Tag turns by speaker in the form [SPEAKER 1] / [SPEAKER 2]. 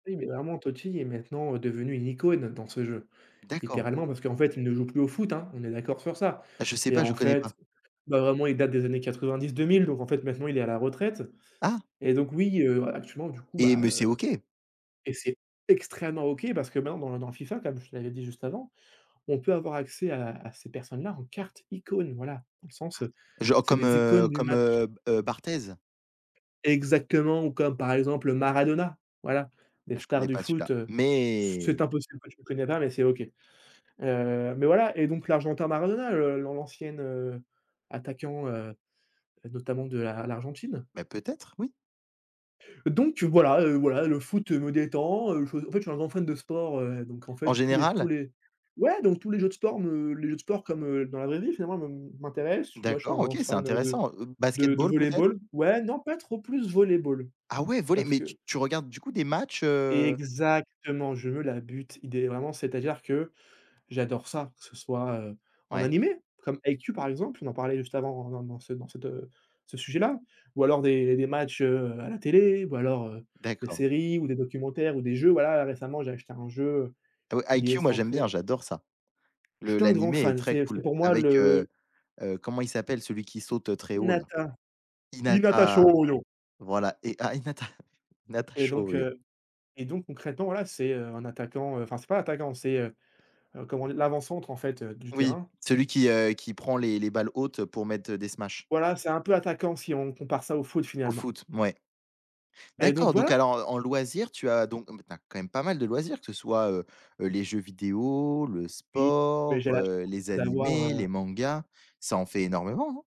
[SPEAKER 1] Oui mais vraiment Totti est maintenant devenu une icône dans ce jeu,
[SPEAKER 2] D'accord.
[SPEAKER 1] littéralement, parce qu'en fait, il ne joue plus au foot, hein, on est d'accord sur ça?
[SPEAKER 2] Ah je sais
[SPEAKER 1] Et
[SPEAKER 2] pas,
[SPEAKER 1] en
[SPEAKER 2] je connais
[SPEAKER 1] fait,
[SPEAKER 2] pas.
[SPEAKER 1] ben vraiment il date des années 90-2000, donc en fait, maintenant il est à la retraite
[SPEAKER 2] Ah!
[SPEAKER 1] et donc oui, heu, actuellement du coup,
[SPEAKER 2] Et
[SPEAKER 1] bah,
[SPEAKER 2] mais c'est
[SPEAKER 1] heu
[SPEAKER 2] OK!
[SPEAKER 1] et c'est extrêmement OK, parce que maintenant dans dans FIFA, tu as be f je l'avais dit juste avant, on peut avoir accès à à ces personnes-là, en carte icône, voilà. Dans le sens, heu,
[SPEAKER 2] Ah, genre
[SPEAKER 1] c'est
[SPEAKER 2] comme,
[SPEAKER 1] des
[SPEAKER 2] heu,
[SPEAKER 1] icônes du
[SPEAKER 2] comme,
[SPEAKER 1] match.
[SPEAKER 2] heu, b heu, Barthez?
[SPEAKER 1] Exactement ou comme par exemple, heu, Maradona, voilà, les
[SPEAKER 2] Ah je
[SPEAKER 1] stars
[SPEAKER 2] connais
[SPEAKER 1] du
[SPEAKER 2] pas celui-là,
[SPEAKER 1] foot, heu, c'est
[SPEAKER 2] mais
[SPEAKER 1] impossible que tu le connais pas, mais c'est OK. Heu mais voilà et donc l'argentin Maradona, heu, l'an l'ancienne, heu, attaquant, heu, heu, notamment de l'A l'Argentine.
[SPEAKER 2] Beh, peut-être oui.
[SPEAKER 1] Donc heu, voilà, heu, voilà, le foot, heu, me détend, heu, je en fait, je suis un grand fan de sport, heu, donc en
[SPEAKER 2] En
[SPEAKER 1] fait tous les s tous
[SPEAKER 2] général?
[SPEAKER 1] les ouais donc tous les jeux de sport me les jeux de sport comme, heu, dans la vraie vie finalement me m'intéressent moi je suis un
[SPEAKER 2] D'accord,
[SPEAKER 1] grand
[SPEAKER 2] OK, c'est
[SPEAKER 1] fan, heu, de
[SPEAKER 2] intéressant. Heu,
[SPEAKER 1] de de
[SPEAKER 2] basketball, peut-être?
[SPEAKER 1] volley-ball. Ouais, non pas trop plus volley-ball,
[SPEAKER 2] Ah ouais, volley?
[SPEAKER 1] parce
[SPEAKER 2] Mais tu
[SPEAKER 1] que
[SPEAKER 2] tu regardes du coup des matchs, heu
[SPEAKER 1] Exactement, je veux la but. Idéa vraiment, c'est-à-dire que j'adore ça, que ce soit, heu, en
[SPEAKER 2] Ouais.
[SPEAKER 1] animé comme Haikyu, par exemple, on en parlait juste avant dans dans dans cette, heu, ce sujet-là. Ou alors des des matchs, heu, à la télé ou alors, heu, des
[SPEAKER 2] D'accord.
[SPEAKER 1] séries, ou des documentaires, ou des jeux. Voilà récemment, j'ai acheté un jeu, heu,
[SPEAKER 2] Heu, ouais,
[SPEAKER 1] qui est
[SPEAKER 2] Haikyu, moi j'aime bien,
[SPEAKER 1] centré
[SPEAKER 2] j'adore ça.
[SPEAKER 1] Je
[SPEAKER 2] Le
[SPEAKER 1] suis un grand
[SPEAKER 2] l'animé est
[SPEAKER 1] fan,
[SPEAKER 2] très
[SPEAKER 1] c'est c'est
[SPEAKER 2] cool
[SPEAKER 1] pour moi
[SPEAKER 2] avec,
[SPEAKER 1] le
[SPEAKER 2] heu, heu, comment il s'appelle celui qui saute très haut là?
[SPEAKER 1] Hinata. Hinata
[SPEAKER 2] Hinata!
[SPEAKER 1] Shôyô.
[SPEAKER 2] Voilà et ah Hinata, Hinata
[SPEAKER 1] Et donc
[SPEAKER 2] Shôyô.
[SPEAKER 1] heu et donc concrètement voilà, c'est, heu, un attaquant enfin, c'est pas attaquant c'est, heu, heu, comment dire? L'avant-centre en fait, heu, du
[SPEAKER 2] Oui,
[SPEAKER 1] terrain.
[SPEAKER 2] celui qui, heu, qui prend les les balles hautes pour mettre, heu, des smashs.
[SPEAKER 1] Voilà, c'est un peu attaquant, si on compare ça au foot,
[SPEAKER 2] Au
[SPEAKER 1] finalement.
[SPEAKER 2] foot, mouais.
[SPEAKER 1] Et donc
[SPEAKER 2] D'accord donc
[SPEAKER 1] voilà!
[SPEAKER 2] alors en en loisirs, tu as donc mais tu as quand même pas mal de loisirs que ce soit, heu, heu, les jeux vidéos, le
[SPEAKER 1] Oui, mais
[SPEAKER 2] sport,
[SPEAKER 1] j'ai la
[SPEAKER 2] heu, les
[SPEAKER 1] chance d'avoir,
[SPEAKER 2] animés,
[SPEAKER 1] heu
[SPEAKER 2] les mangas, ça en fait énormément, hein?